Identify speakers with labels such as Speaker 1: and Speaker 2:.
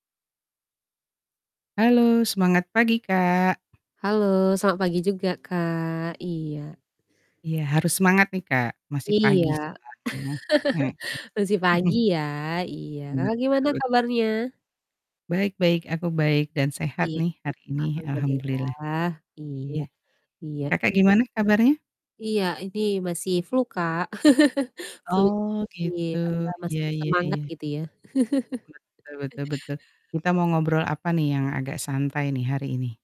Speaker 1: Halo semangat pagi, Kak.
Speaker 2: Halo selamat pagi juga, Kak. Iya.
Speaker 1: Iya harus semangat nih, Kak, masih
Speaker 2: Iya.
Speaker 1: pagi soalnya. Mhm.
Speaker 2: Masih pagi ya. Iya. Kakak
Speaker 1: Betul
Speaker 2: gimana
Speaker 1: betul.
Speaker 2: kabarnya?
Speaker 1: Baik baik. Aku baik dan
Speaker 2: I
Speaker 1: sehat nih hari ini, alhamdulillah.
Speaker 2: alhamdulillah. Iya.
Speaker 1: Iya.
Speaker 2: Iya.
Speaker 1: Kakak gimana kabarnya?
Speaker 2: Iya ini masih flu, Kak. flu
Speaker 1: Oh,
Speaker 2: masih,
Speaker 1: gitu
Speaker 2: apa,
Speaker 1: iya
Speaker 2: masih
Speaker 1: iya
Speaker 2: bersemangat
Speaker 1: iya.
Speaker 2: gitu ya.
Speaker 1: Betul betul betul. Kita mau ngobrol apa nih yang agak santai nih hari ini?